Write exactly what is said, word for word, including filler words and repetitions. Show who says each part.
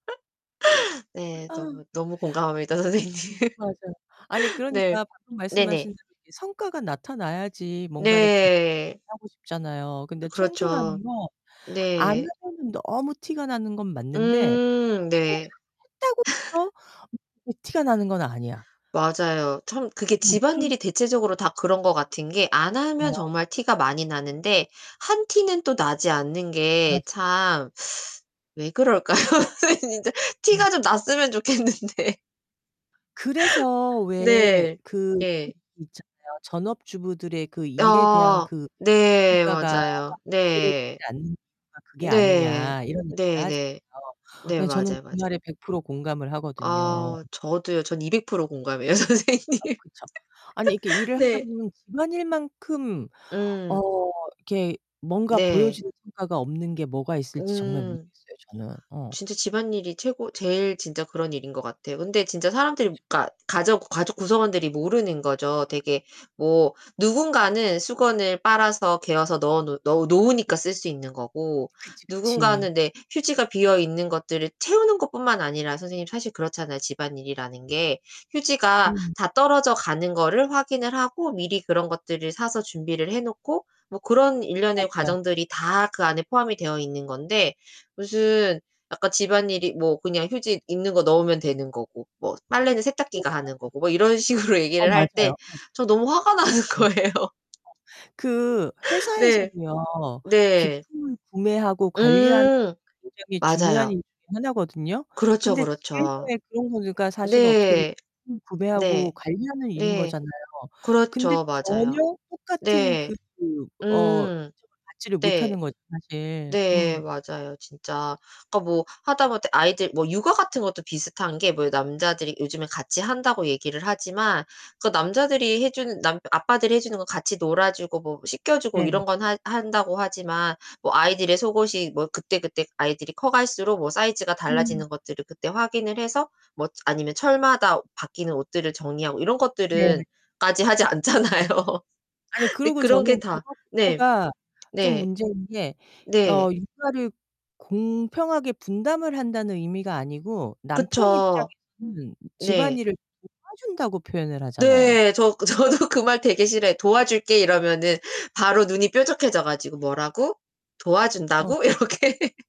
Speaker 1: 네.
Speaker 2: 아.
Speaker 1: 너무 너무 공감합니다 선생님.
Speaker 2: 맞아요. 아니,
Speaker 1: 네.
Speaker 2: 그러니까 방금 말씀하신
Speaker 1: 네네.
Speaker 2: 대로 이게 성과가 나타나야지 뭔가를 계속
Speaker 1: 네.
Speaker 2: 하고 싶잖아요. 근데 청소라는
Speaker 1: 그렇죠.
Speaker 2: 건 안
Speaker 1: 네.
Speaker 2: 하면은 너무 티가 나는 건 맞는데
Speaker 1: 음 네.
Speaker 2: [unintelligible] 했다고 또 [unintelligible] 티가 나는 건 아니야.
Speaker 1: 맞아요. 참 그게
Speaker 2: 뭐 그런
Speaker 1: 집안일이 대체적으로 다 그런 것 같은 게
Speaker 2: 어
Speaker 1: 안 하면
Speaker 2: 맞아요.
Speaker 1: 정말 티가 많이 나는데 한 티는 또 나지 않는 게
Speaker 2: 맞아요.
Speaker 1: 참 왜 그럴까요? 아니 진짜
Speaker 2: 음.
Speaker 1: 티가 좀 났으면 좋겠는데.
Speaker 2: 그래서 왜
Speaker 1: 네.
Speaker 2: 그 [unintelligible]
Speaker 1: 네.
Speaker 2: 있잖아요. 전업주부들의 그 일에 대한
Speaker 1: 아.
Speaker 2: 그 가치
Speaker 1: 네
Speaker 2: 평가가
Speaker 1: 맞아요.
Speaker 2: 제대로 되지
Speaker 1: 네.
Speaker 2: 않는 이유가 그게
Speaker 1: 네.
Speaker 2: 아니냐 이런 얘기를
Speaker 1: 네네.
Speaker 2: 하잖아요.
Speaker 1: 네
Speaker 2: 네 저는
Speaker 1: 맞아요,
Speaker 2: 그
Speaker 1: 맞아요.
Speaker 2: 말에 백 프로 공감을 하거든요.
Speaker 1: 아 저도요. 저는 이백 프로 공감해요
Speaker 2: 어
Speaker 1: 선생님.
Speaker 2: 그쵸. 아니 이렇게 일을
Speaker 1: 네.
Speaker 2: 하다보면 집안일만큼 어
Speaker 1: 음.
Speaker 2: 이렇게 뭔가
Speaker 1: 네.
Speaker 2: 보여주는 성과가 없는 게 뭐가 있을지 정말
Speaker 1: 음.
Speaker 2: 모르겠어요, 저는 어.
Speaker 1: 진짜 집안일이 최고 제일 진짜 그런 일인 것 같아요. 근데 진짜 사람들이 그러니까 가족 가족 구성원들이 모르는 거죠. 되게 뭐 누군가는 수건을 빨아서 개어서 넣어 놓 넣어 놓으니까 쓸 수 있는 거고.
Speaker 2: 그치, 그치.
Speaker 1: 누군가는 내 휴지가 비어 있는 것들을 채우는 것뿐만 아니라 선생님 사실 그렇잖아요, 집안일이라는 게. 휴지가
Speaker 2: 음.
Speaker 1: 다 떨어져 가는 거를 확인을 하고 미리 그런 것들을 사서 준비를 해놓고 뭐 그런 일련의
Speaker 2: 맞아요.
Speaker 1: 과정들이 다 그 안에 포함이 되어 있는 건데 무슨 아까 집안일이 뭐 그냥 휴지 있는 거 넣으면 되는 거고 뭐 빨래는 세탁기가
Speaker 2: 맞아,
Speaker 1: 하는
Speaker 2: 맞아.
Speaker 1: 거고 뭐 이런 식으로
Speaker 2: 어
Speaker 1: 얘기를 할 때
Speaker 2: 맞아요. 어. 맞아,
Speaker 1: 저 너무 화가 나는
Speaker 2: 맞아. 어.
Speaker 1: 거예요.
Speaker 2: 그
Speaker 1: 네.
Speaker 2: 회사에서도요.
Speaker 1: 네.
Speaker 2: 비품을 구매하고 관리하는
Speaker 1: 음.
Speaker 2: 굉장히 중요한
Speaker 1: 맞아요.
Speaker 2: 일 중에 하나거든요?
Speaker 1: 그렇죠,
Speaker 2: 근데
Speaker 1: 그렇죠.
Speaker 2: 집에서의 그런 거는 그러니까 사실은 어떻게 보
Speaker 1: 네.
Speaker 2: [unintelligible]
Speaker 1: 네.
Speaker 2: 구매하고 관리하는 일인
Speaker 1: 네.
Speaker 2: 거잖아요. 근데
Speaker 1: 그렇죠. 맞아요.
Speaker 2: 전혀 똑같은
Speaker 1: 네.
Speaker 2: 그 어 인정을
Speaker 1: 음.
Speaker 2: 받지를
Speaker 1: 네.
Speaker 2: 못하는 거죠, 사실.
Speaker 1: 네
Speaker 2: 음.
Speaker 1: 맞아요 진짜. 그러니까 뭐 하다못해 아이들 뭐 육아 같은 것도 비슷한 게 뭐 요 남자들이 요즘에 같이 한다고 얘기를 하지만 그 남자들이 해주는 남 아빠들이 해 주는 거 같이 놀아주고 뭐 씻겨주고
Speaker 2: 네네.
Speaker 1: 이런 건 한 한다고 하지만 뭐 아이들의 속옷이 뭐 그때그때 아이들이 커갈수록 뭐 사이즈가
Speaker 2: 음.
Speaker 1: 달라지는 것들을 그때 확인을 해서 뭐 아니면 철마다 바뀌는 옷들을 정리하고 이런
Speaker 2: 네.
Speaker 1: 것들은 까지 하지 않잖아요.
Speaker 2: 아니
Speaker 1: 근데
Speaker 2: 그러고
Speaker 1: 그런 게
Speaker 2: 저는
Speaker 1: 다 네.
Speaker 2: 그거부터가 좀
Speaker 1: 네.
Speaker 2: 문제인 게
Speaker 1: 네.
Speaker 2: 어 육아를 공평하게 분담을 한다는 의미가 아니고 남편
Speaker 1: 그쵸.
Speaker 2: 입장에서는
Speaker 1: 네.
Speaker 2: 집안일을 도와준다고 표현을 하잖아요.
Speaker 1: 네. 저 그 저도 그 말 되게 싫어해요. "도와줄게." 이러면은 바로 눈이 뾰족해져 가지고 "뭐라고?
Speaker 2: 어.
Speaker 1: 도와준다고?" 이렇게.